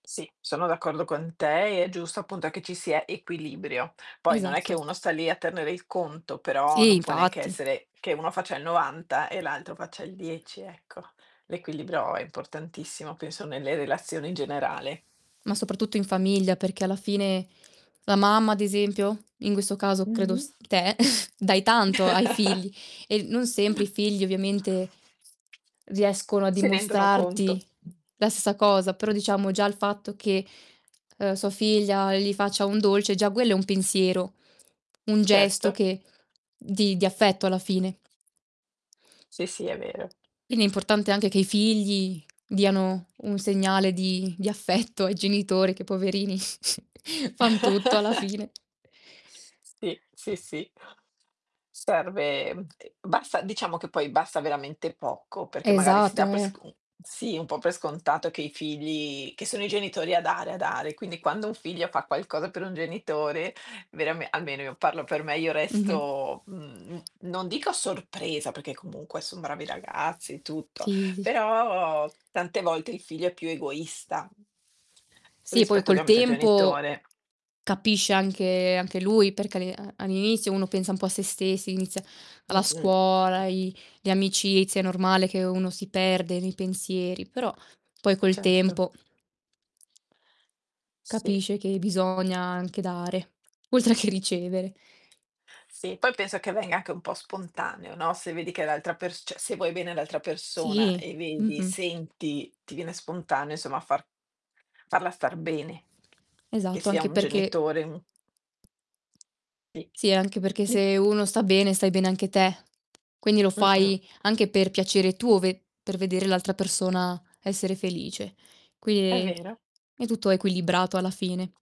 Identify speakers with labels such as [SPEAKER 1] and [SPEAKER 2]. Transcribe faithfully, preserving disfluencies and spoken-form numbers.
[SPEAKER 1] Sì, sono d'accordo con te, e è giusto, appunto, che ci sia equilibrio. Poi non è che
[SPEAKER 2] Esatto.
[SPEAKER 1] uno sta lì a tenere il conto, però
[SPEAKER 2] Sì,
[SPEAKER 1] non può neanche
[SPEAKER 2] infatti.
[SPEAKER 1] essere che uno faccia il novanta, e l'altro faccia il dieci, ecco. L'equilibrio è importantissimo, penso, nelle relazioni in generale.
[SPEAKER 2] Ma soprattutto in famiglia, perché alla fine la mamma, ad esempio, in questo caso credo
[SPEAKER 1] Mh-mh.
[SPEAKER 2] s te, dai tanto ai figli, e l non sempre i figli ovviamente riescono a
[SPEAKER 1] Si rendono
[SPEAKER 2] dimostrarti
[SPEAKER 1] conto.
[SPEAKER 2] la ssa cosa. Però, diciamo, già il fatto che, uhm, sua figlia gli faccia un dolce, già quello è un pensiero, un gesto
[SPEAKER 1] Certo.
[SPEAKER 2] che di di affetto, alla fine.
[SPEAKER 1] Sì, sì, è vero.
[SPEAKER 2] Quindi è importante anche che i figli diano un segnale di di affetto ai genitori che poverini fan tutto alla fine.
[SPEAKER 1] Sì, sì, sì. Serve mhmm, e basta diciamo che poi basta veramente poco, perché, magari, si
[SPEAKER 2] Esatto.
[SPEAKER 1] dà per
[SPEAKER 2] Eh.
[SPEAKER 1] sc u sì, un po' per scontato che i figli che sono i genitori a dare, a dare. Quindi, quando un figlio fa qualcosa per un genitore, verame almeno io parlo per me, io
[SPEAKER 2] Mh-mh.
[SPEAKER 1] resto, mhmm, non dico sorpresa, peché comunque son bravi ragazzi, tutto,
[SPEAKER 2] Sì. Sì, sì.
[SPEAKER 1] però tante volte il figlio è più egoista
[SPEAKER 2] Sì, poi
[SPEAKER 1] rispetto
[SPEAKER 2] col
[SPEAKER 1] ovviamente al
[SPEAKER 2] tempo
[SPEAKER 1] genitore.
[SPEAKER 2] capisce anche anche lui perché all'i a all'inizio uno pensa un po' a sé stessi, inizia la
[SPEAKER 1] Mh-mh.
[SPEAKER 2] scuola, i le amicizie, è normale che uno si perde nei pensieri. Però, poi, col
[SPEAKER 1] Certo.
[SPEAKER 2] tempo
[SPEAKER 1] Sì.
[SPEAKER 2] capisce che bisogna anche dare, oltre che ricevere.
[SPEAKER 1] Sì, poi, penso che venga anche un po' spontaneo, no, se vedi che l'altra pers ceh, se vuoi bene all'altra persona,
[SPEAKER 2] Sì.
[SPEAKER 1] e vedi
[SPEAKER 2] Mh-mh.
[SPEAKER 1] senti, ti viene spontaneo, insomma far farla star bene, che
[SPEAKER 2] Esatto,
[SPEAKER 1] sia
[SPEAKER 2] anche
[SPEAKER 1] un
[SPEAKER 2] perché
[SPEAKER 1] genitore, un Tì.
[SPEAKER 2] Sì, anche perché
[SPEAKER 1] Dica.
[SPEAKER 2] se uno sta bene, stai bene anche te. Quindi lo
[SPEAKER 1] Mh-mh.
[SPEAKER 2] fai anche per piacere tuo, ve per vedere l'altra persona essere felice.
[SPEAKER 1] È
[SPEAKER 2] quinini,
[SPEAKER 1] vero.
[SPEAKER 2] è tutto equilibrato, alla fine.